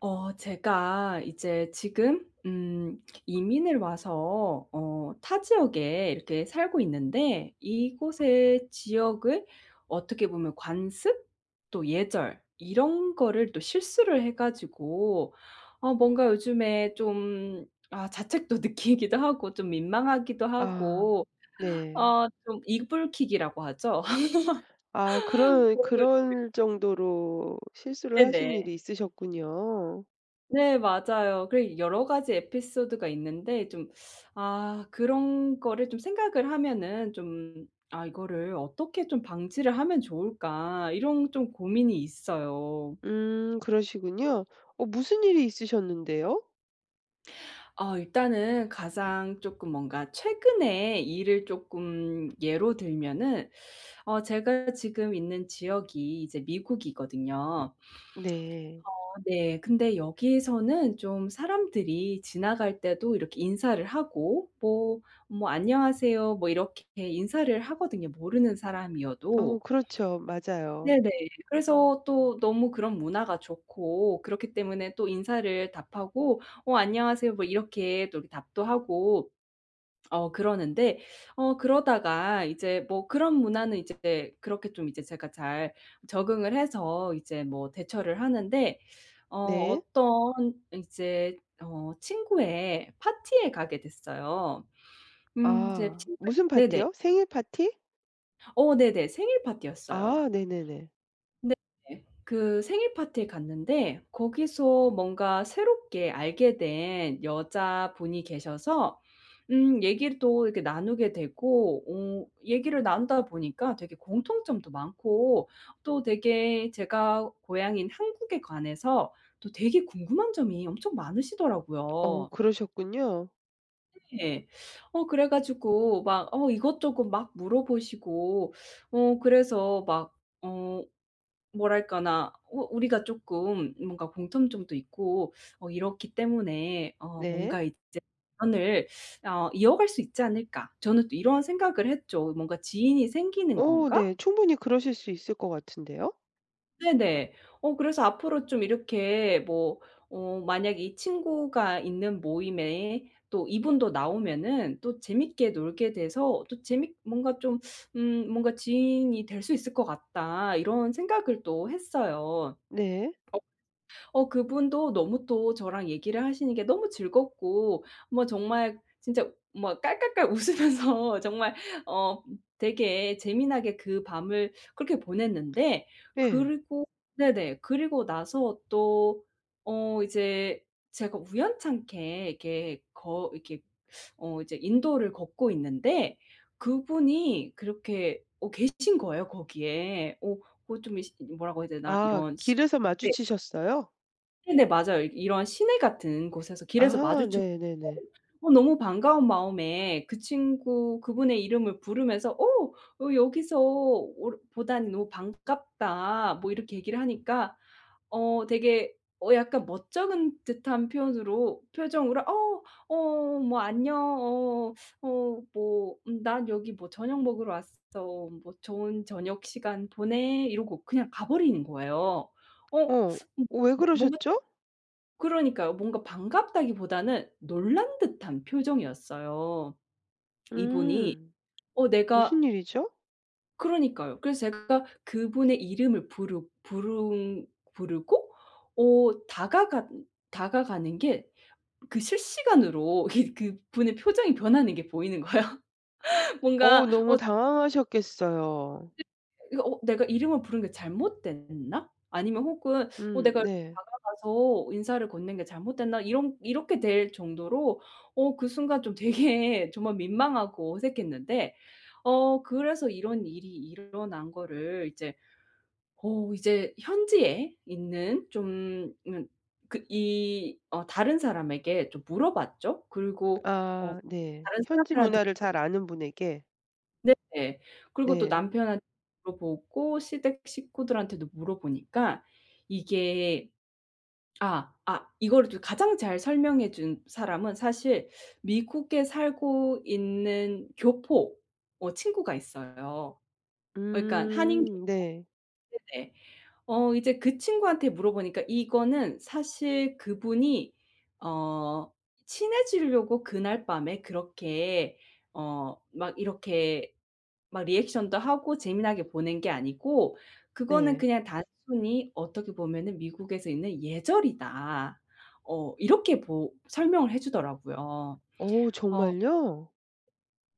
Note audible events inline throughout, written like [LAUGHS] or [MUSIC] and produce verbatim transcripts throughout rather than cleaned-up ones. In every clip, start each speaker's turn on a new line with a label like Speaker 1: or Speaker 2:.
Speaker 1: 어, 제가 이제 지금 음 이민을 와서 어 타 지역에 이렇게 살고 있는데 이곳의 지역을 어떻게 보면 관습, 또 예절 이런 거를 또 실수를 해 가지고 어 뭔가 요즘에 좀 아 자책도 느끼기도 하고 좀 민망하기도
Speaker 2: 아
Speaker 1: 하고
Speaker 2: 네.
Speaker 1: 어 좀 이불킥이라고 하죠.
Speaker 2: 아,
Speaker 1: [LAUGHS]
Speaker 2: 그럴
Speaker 1: 그런 걸 [UNINTELLIGIBLE]
Speaker 2: 그럴 정도로 실수를 하신
Speaker 1: 네네.
Speaker 2: 일이 있으셨군요.
Speaker 1: 네, 맞아요. 그리고 여러 가지 에피소드가 있는데 좀 아 그런 거를 좀 생각을 하면은 좀 '아 이거를 어떻게 좀 방지를 하면 좋을까.' 이런 좀 고민이 있어요.
Speaker 2: 음, 그러시군요. 어 무슨 일이 있으셨는데요?
Speaker 1: 어 일단은 가장 쪼끔 뭔가 최근에 일을 쪼끔 예로 들면은 어 제가 지금 있는 지역이 이제 미국이거든요.
Speaker 2: 네.
Speaker 1: 어 네, 근데 여기서는 좀 사람들이 지나갈 때도 이렇게 인사를 하고 뭐, 뭐 "안녕하세요." 뭐 이렇게 인사를 하거든요, 모르는 사람이어도.
Speaker 2: 어, 그렇죠. 맞아요.
Speaker 1: 네네. 그래서 또 너무 그런 문화가 좋고 그렇기 때문에 또 인사를 답하고 "어, 안녕하세요." 뭐 이렇게 또 이렇게 답도 하고 어 그러는데 어 그러다가 이제 뭐 그런 문화는 제 그렇게 좀 이제 제가 잘 적응을 해서 이제 뭐 대처를 하는데 어
Speaker 2: 네.
Speaker 1: 어떤 이제 어 친구의 파티에 가게 됐어요. 음 이제
Speaker 2: 아,
Speaker 1: 친구의
Speaker 2: 무슨
Speaker 1: 네네.
Speaker 2: 파티요? 생일파티?
Speaker 1: 어, 네네. 생일 파티였어요.
Speaker 2: 아 네네네.
Speaker 1: 네네. 그 생일 파티에 갔는데 거기서 뭔가 새롭게 알게 된 여자분이 계셔서 음 얘기를 또 이렇게 나누게 되고 어 얘기를 나누다 보니까 되게 공통점도 많고 또 되게 제가 고향인 한국에 관해서 또 되게 궁금한 점이 엄청
Speaker 2: 어,
Speaker 1: 많으시더라고요.
Speaker 2: 그러셨군요.
Speaker 1: 네. 어 그래 가지고 막 어 이것저것 막 물어보시고 어 그래서 막 어 뭐랄까나 어 우리가 쪼끔 뭔가 공통점도 있고 어 이렇기 때문에 어
Speaker 2: 네.
Speaker 1: 뭔가 이제 '연을 어 이어갈 수 있지 않을까.' 저는 또 이런 생각을 했죠. '뭔가 지인이 생기는
Speaker 2: 어
Speaker 1: 건가.'
Speaker 2: 네. 충분히 그러실 수 있을 것 같은데요?
Speaker 1: 네네. 어 그래서 앞으로 좀 이렇게 뭐 어 만약에 이 친구가 있는 모임에 또 이분도 나오면은 또 재밌게 놀게 돼서 또 재밌 뭔가 좀 음 뭔가 '지인이 될 수 있을 것 같다.' 이런 생각을 또 했어요.
Speaker 2: 네.
Speaker 1: 어. 어 그분도 너무 또 저랑 얘기를 하시는 게 너무 즐겁고 뭐 정말 진짜 뭐 깔깔깔 웃으면서 정말 어 되게 재미나게 그 밤을 그렇게 보냈는데
Speaker 2: 예.
Speaker 1: 그리고 네네 그리고 나서 또 어 이제 제가 우연찮게 이렇게 거 이렇게 어 이제 인도를 걷고 있는데 그분이 그렇게 어 계신 거예요, 거기에. 어 뭐 좀 이 시 이 뭐라고 해야 되나
Speaker 2: 아
Speaker 1: 이런 시
Speaker 2: 길에서
Speaker 1: 네.
Speaker 2: 마주치셨어요?
Speaker 1: 네네, 맞아요. 이 이런 시내 같은 곳에서 길에서
Speaker 2: 아
Speaker 1: 마주쳐 갖고
Speaker 2: 네네네.
Speaker 1: 어 너무 반가운 마음에 그 친구 그분의 이름을 부르면서 어 "어 여기서 어 보다니 너무 반갑다." 뭐 이렇게 얘기를 하니까 어 되게 어 약간 멋쩍은 듯한 표현으로 표정으로 어 어 뭐 "안녕, 어 어 뭐 음 난 여기 뭐 저녁 먹으러 왔어. 뭐 좋은 저녁 시간 보내." 이러고 그냥 가버린 거예요. 어?
Speaker 2: 어 왜
Speaker 1: 뭐 뭔가
Speaker 2: 그러셨죠?
Speaker 1: 그러니까요. 뭔가 반갑다기보다는 놀란 듯한 표정이었어요. 이분이
Speaker 2: 음.
Speaker 1: 어 내가
Speaker 2: 무슨 일이죠?
Speaker 1: 그러니까요. 그래서 제가 그분의 이름을 부르 부르 부르고 어 다가간 다가가는 게 그 실시간으로 이게 그분의 표정이 변하는 게 보이는 거예요.
Speaker 2: 어
Speaker 1: 뭔가
Speaker 2: 너무
Speaker 1: 어
Speaker 2: 당황하셨겠어요.
Speaker 1: 이 이거 어 '내가 이름을 부른 게 잘못됐나? 아니면 혹은 어
Speaker 2: 음
Speaker 1: 내가
Speaker 2: 네.
Speaker 1: 다가가서 인사를 건넨 게 잘못됐나?' 이런 이렇게 될 정도로 어 그 순간 좀 되게 정말 민망하고 어색했는데 어 그래서 이런 일이 일어난 거를 이제 어 이제 현지에 있는 좀 음 그 이 어 다른 사람에게 좀 물어봤죠. 그리고 어
Speaker 2: 아, 네.
Speaker 1: 다른
Speaker 2: 현지
Speaker 1: 사람들한테도
Speaker 2: 문화를 잘 아는 분에게
Speaker 1: 네. 그리고 또
Speaker 2: 네.
Speaker 1: 남편 한 물어보고 시댁 식구들한테도 물어보니까 이게 아 아 이걸 주 가장 잘 설명해 준 사람은 사실 미국에 살고 있는 교포 어 친구가 있어요. 그니까 한인 교포
Speaker 2: 음. 네.
Speaker 1: 네네. 어 이제 그 친구한테 물어보니까 "이거는 사실 그분이 어 친해지려고 그날 밤에 그렇게 어 막 이렇게 막 리액션도 하고 재미나게 보낸 게 아니고 그거는
Speaker 2: 네.
Speaker 1: 그냥 단순히 어떻게 보면은 미국에서 있는 예절이다." 어 이렇게 보 설명을 해 주더라고요.
Speaker 2: 어
Speaker 1: 어.
Speaker 2: 정말요?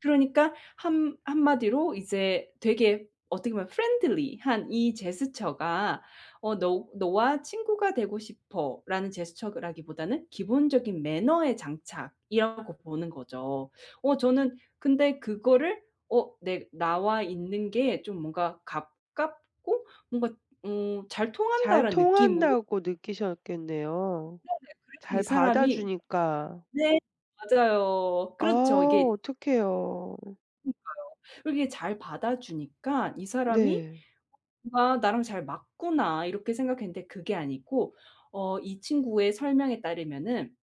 Speaker 1: 그러니까 한 한마디로 이제 되게 어떻게 보면 friendly한 이 제스처가 어 '너 너와 친구가 되고 싶어.'라는 제스처라기보다는 기본적인 매너의 장착이라고 보는 거죠. 어 저는 근데 그거를 어 내 '나와 있는 게 좀 뭔가 가깝고 뭔가 어 잘
Speaker 2: 잘
Speaker 1: 통한다.'라는 느낌으로
Speaker 2: 통한다고 느끼셨겠네요.
Speaker 1: 네네. 그래서 이
Speaker 2: 잘 받아
Speaker 1: 사람이
Speaker 2: 주니까.
Speaker 1: 네 맞아요.
Speaker 2: 아
Speaker 1: 그렇죠 이게
Speaker 2: 어떡해요.
Speaker 1: 그러니까요. 그렇게 잘 받아주니까 '이 사람이
Speaker 2: 네.
Speaker 1: 뭔가 나랑 잘 맞구나.' 이렇게 생각했는데 그게 아니고 어 이 친구의 설명에 따르면은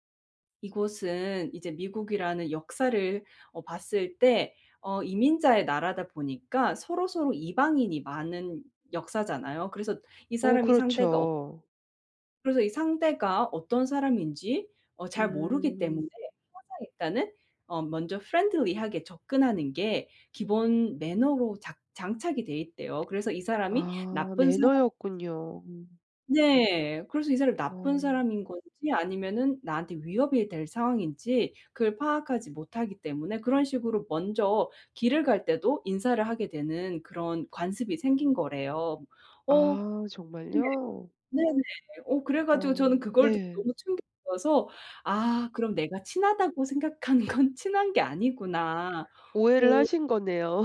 Speaker 1: 이곳은 이제 미국이라는 역사를 어 봤을 때 어 이민자의 나라다 보니까 서로서로 이방인이 많은 역사잖아요. 그래서 이
Speaker 2: 어
Speaker 1: 사람이 상대가 어
Speaker 2: 그렇죠.
Speaker 1: 그래서 이 상대가 어떤 사람인지 어 잘 모르기 때문에
Speaker 2: 음.
Speaker 1: 항상 일단은 어 먼저 friendly 하게 접근하는 게 기본 매너로 작 장착이 돼 있대요. 그래서 이 사람이
Speaker 2: 아
Speaker 1: 나쁜 사람인지
Speaker 2: 매너였군요.
Speaker 1: 네. 그래서 이 사람이 나쁜
Speaker 2: 어
Speaker 1: 사람인 건지 아니면은 나한테 위협이 될 상황인지 그걸 파악하지 못하기 때문에 그런 식으로 먼저 길을 갈 때도 인사를 하게 되는 그런 관습이 생긴 거래요. 어.
Speaker 2: 아
Speaker 1: 근데
Speaker 2: 정말요?
Speaker 1: 네네. 어 그래 가지고 저는
Speaker 2: 어.
Speaker 1: 그걸 듣고
Speaker 2: 네.
Speaker 1: 너무 충격이어서 '아 그럼 내가 친하다고 생각한 건 친한 게 아니구나.'
Speaker 2: 오해를
Speaker 1: 뭐
Speaker 2: 하신 거네요.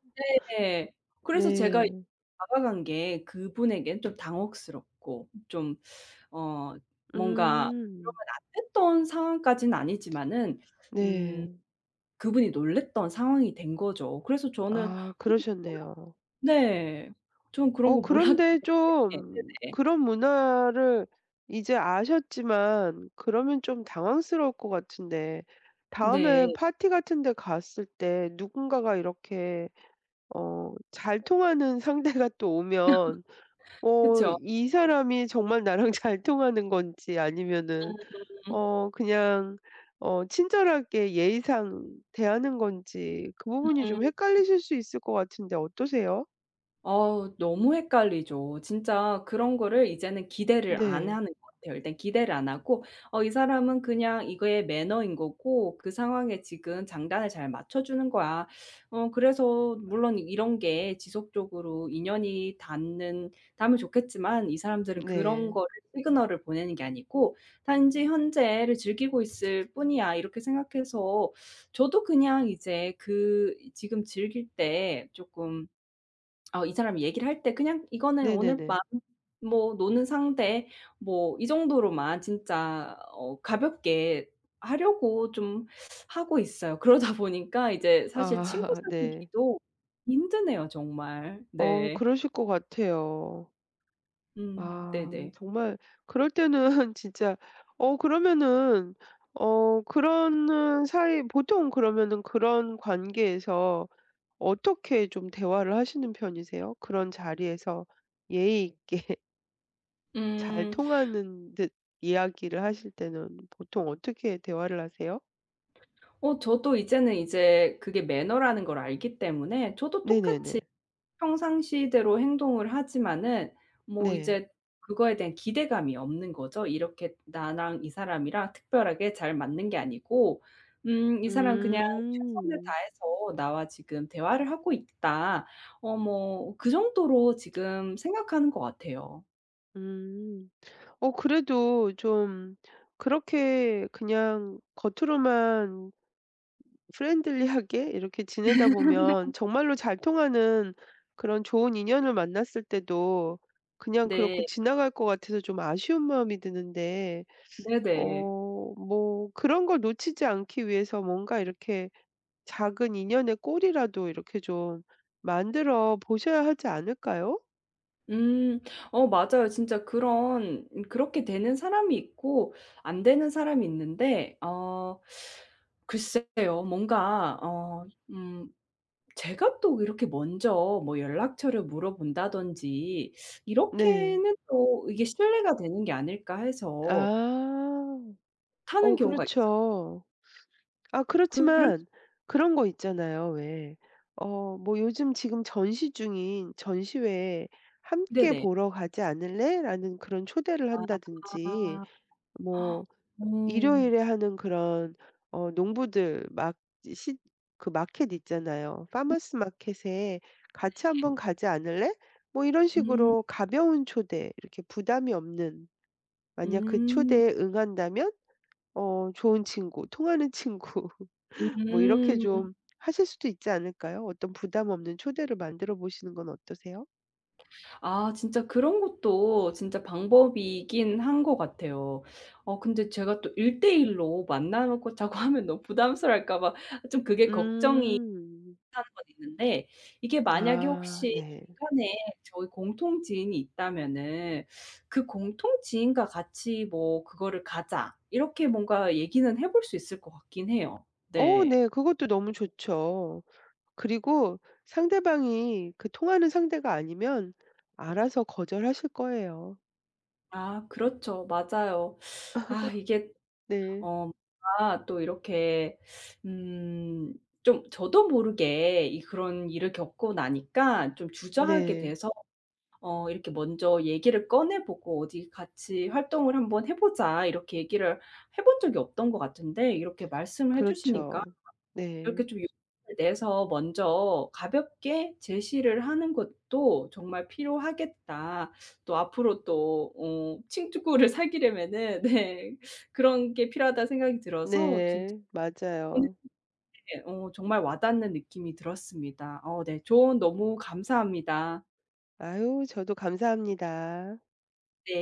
Speaker 2: [LAUGHS]
Speaker 1: 네. 그래서 제가 이
Speaker 2: 네.
Speaker 1: 다가간 게 그분에겐 좀 당혹스럽고 좀 어 뭔가 그러면
Speaker 2: 음.
Speaker 1: 안 됐던 상황까지는 아니지마는 음
Speaker 2: 네.
Speaker 1: 그분이 놀랬던 상황이 된 거죠. 그래서 저는
Speaker 2: 아
Speaker 1: 그런 거
Speaker 2: 그러셨네요.
Speaker 1: 몰라 네. 저는 그런
Speaker 2: 어
Speaker 1: 거 몰랐기
Speaker 2: 그런데
Speaker 1: 때문에 네
Speaker 2: 좀
Speaker 1: 그 네.
Speaker 2: 그런 문화를 이제 아셨지만 그러면 좀 당황스러울 것 같은데 다음에
Speaker 1: 네.
Speaker 2: 파티 같은데 갔을 때 누군가가 이렇게 어 잘 통하는 상대가 또 오면
Speaker 1: [LAUGHS]
Speaker 2: 어
Speaker 1: 그쵸.
Speaker 2: 이
Speaker 1: [UNINTELLIGIBLE]
Speaker 2: 사람이 정말 나랑 잘 통하는 건지 아니면은
Speaker 1: 음.
Speaker 2: 어 그냥 어 친절하게 예의상 대하는 건지 그 부분이
Speaker 1: 음.
Speaker 2: 좀 헷갈리실 수 있을 것 같은데 어떠세요?
Speaker 1: 어우. 너무 헷갈리죠. 진짜 그런 거를 이제는 기대를 안
Speaker 2: 네.
Speaker 1: 햐는 것 같아요. 일단 기대를 안 하고 '어 이 사람은 그냥 이게 매너인 거고 그 상황에 지금 장단을 잘 맞춰주는 거야. 어 그래서 물론 이런 게 지속적으로 인연이 닿는 닿으면 좋겠지만 이 사람들은 그런
Speaker 2: 네.
Speaker 1: 거를 시그널을 보내는 게 아니고 단지 현재를 즐기고 있을 뿐이야.' 이렇게 생각해서 저도 그냥 이제 그 지금 즐길 때 조금 어 이 사람이 얘기를 할 때 '그냥 이거는 오늘 밤
Speaker 2: 네네네.
Speaker 1: 뭐 노는 상대.' 뭐 이 정도로만 진짜 어 가볍게 하려고 좀 하고 있어요. 그러다 보니까 이제 사실 친구
Speaker 2: 아 네.
Speaker 1: 사귀기도 힘드네요, 정말.
Speaker 2: 어.
Speaker 1: 네.
Speaker 2: 그러실 거 같아요.
Speaker 1: 음
Speaker 2: 아.
Speaker 1: 네네.
Speaker 2: 정말 그럴 때는 진짜 어 그러면은 어 그러는 사이 보통 그러면은 그런 관계에서 어떻게 좀 대화를 하시는 편이세요, 그런 자리에서 예의 있게? 잘
Speaker 1: 음.
Speaker 2: 통하는 듯 이야기를 하실 때는 보통 어떻게 대화를 하세요?
Speaker 1: 어 저도 이제는 이제 그게 매너라는 걸 알기 때문에 저도
Speaker 2: 네네네.
Speaker 1: 똑같이 평상시대로 행동을 하지만은 뭐
Speaker 2: 네.
Speaker 1: 이제 그거에 대한 기대감이 없는 거죠. 이렇게 나랑 이 사람이랑 특별하게 잘 맞는 게 아니고 음 이 사람 그냥 최선을
Speaker 2: 음.
Speaker 1: 다해서 나와 지금 대화를 하고 있다 어 뭐 그 정도로 지금 생각하는 것 같아요.
Speaker 2: 음, 어 그래도 좀 그렇게 그냥 겉으로만 ...프렌들리하게 이렇게 지내다 보면
Speaker 1: [LAUGHS]
Speaker 2: 정말로 잘 통하는 그런 좋은 인연을 만났을 때도 그냥 그렇고
Speaker 1: 네.
Speaker 2: 지나갈 것 같아서 좀 아쉬운 마음이 드는데
Speaker 1: 네네.
Speaker 2: 어 뭐 그런 걸 놓치지 않기 위해서 뭔가 이렇게 작은 인연의 꼬리라도 이렇게 좀 만들어 보셔야 하지 않을까요?
Speaker 1: 음. 어 맞아요. 진짜 그런 그렇게 되는 사람이 있고 안 되는 사람이 있는데 어 글쎄요. 뭔가 어 음 제가 또 이렇게 먼저 뭐 연락처를 물어본다든지
Speaker 2: 네.
Speaker 1: 이렇게는 또 이게 실례가 되는 게 아닐까 해서
Speaker 2: 아.
Speaker 1: 못하는
Speaker 2: 어
Speaker 1: 경우가 있어요.
Speaker 2: 그렇죠. 아
Speaker 1: 그럴 수
Speaker 2: 그렇지만 그런 거 있잖아요, 왜. 어 뭐 "요즘 지금 전시 중인 전시회 함께
Speaker 1: 네네.
Speaker 2: 보러 가지 않을래?"라는 그런 초대를 한다든지
Speaker 1: 아.
Speaker 2: 뭐
Speaker 1: 오.
Speaker 2: 일요일에 하는 그런 어 농부들 막 이제 시 그 마켓 있잖아요.
Speaker 1: 네
Speaker 2: "파머스 마켓에 같이
Speaker 1: 네.
Speaker 2: 한번 가지 않을래?" 뭐 이런
Speaker 1: 음.
Speaker 2: 식으로 가벼운 초대 이렇게 부담이 없는 만약 그
Speaker 1: 음.
Speaker 2: 초대에 응한다면 어 좋은 친구 통하는 친구 [LAUGHS] 뭐 이렇게
Speaker 1: 음.
Speaker 2: 좀 하실 수도 있지 않을까요? 어떤 부담 없는 초대를 만들어 보시는 건 어떠세요?
Speaker 1: 아. 진짜 그런 것도 진짜 방법이긴 한 것 같아요. 어 근데 제가 또 일대일 로 만나 놓고 자고 하면 너무 부담스러워할까 봐 좀 그게 걱정이
Speaker 2: 음.
Speaker 1: 가는 건 있는데 이게 만약에
Speaker 2: 아
Speaker 1: 혹시
Speaker 2: 네.
Speaker 1: 중간에 저희 공통 지인이 있다면은 "그 공통 지인과 같이 뭐 그거를 가자." 이렇게 뭔가 얘기는 해 볼 수 있을 것 같긴 해요.
Speaker 2: 어
Speaker 1: 네.
Speaker 2: 네. 그것도 너무 좋죠. 그리고 상대방이 그 통하는 상대가 아니면 알아서 거절하실 거예요.
Speaker 1: 아. 그렇죠. 맞아요. 아 이게
Speaker 2: [LAUGHS] 네.
Speaker 1: 어 뭔가 또 이렇게 음 좀 저도 모르게 이 그런 일을 겪고 나니까 좀 주저하게
Speaker 2: 네.
Speaker 1: 돼서 어 이렇게 먼저 얘기를 꺼내 보고 "어디 같이 활동을 한 번 해 보자." 이렇게 얘기를 해 본 적이 없던 것 같은데 이렇게 말씀을 해 주시니까
Speaker 2: 그렇죠. 네.
Speaker 1: 이렇게 좀 용기를 내서 먼저 가볍게 제시를 하는 것도 정말 필요하겠다. 또 앞으로 또 어 칭투구 를 사귀려면은 네 그런 게 필요하다는 생각이 들어서 진짜
Speaker 2: 네.
Speaker 1: 오늘
Speaker 2: 맞아요.
Speaker 1: 예 어 정말 와닿는 느낌이 들었습니다. 어 네. 조언 너무 감사합니다.
Speaker 2: 아유. 저도 감사 합니다.
Speaker 1: 네.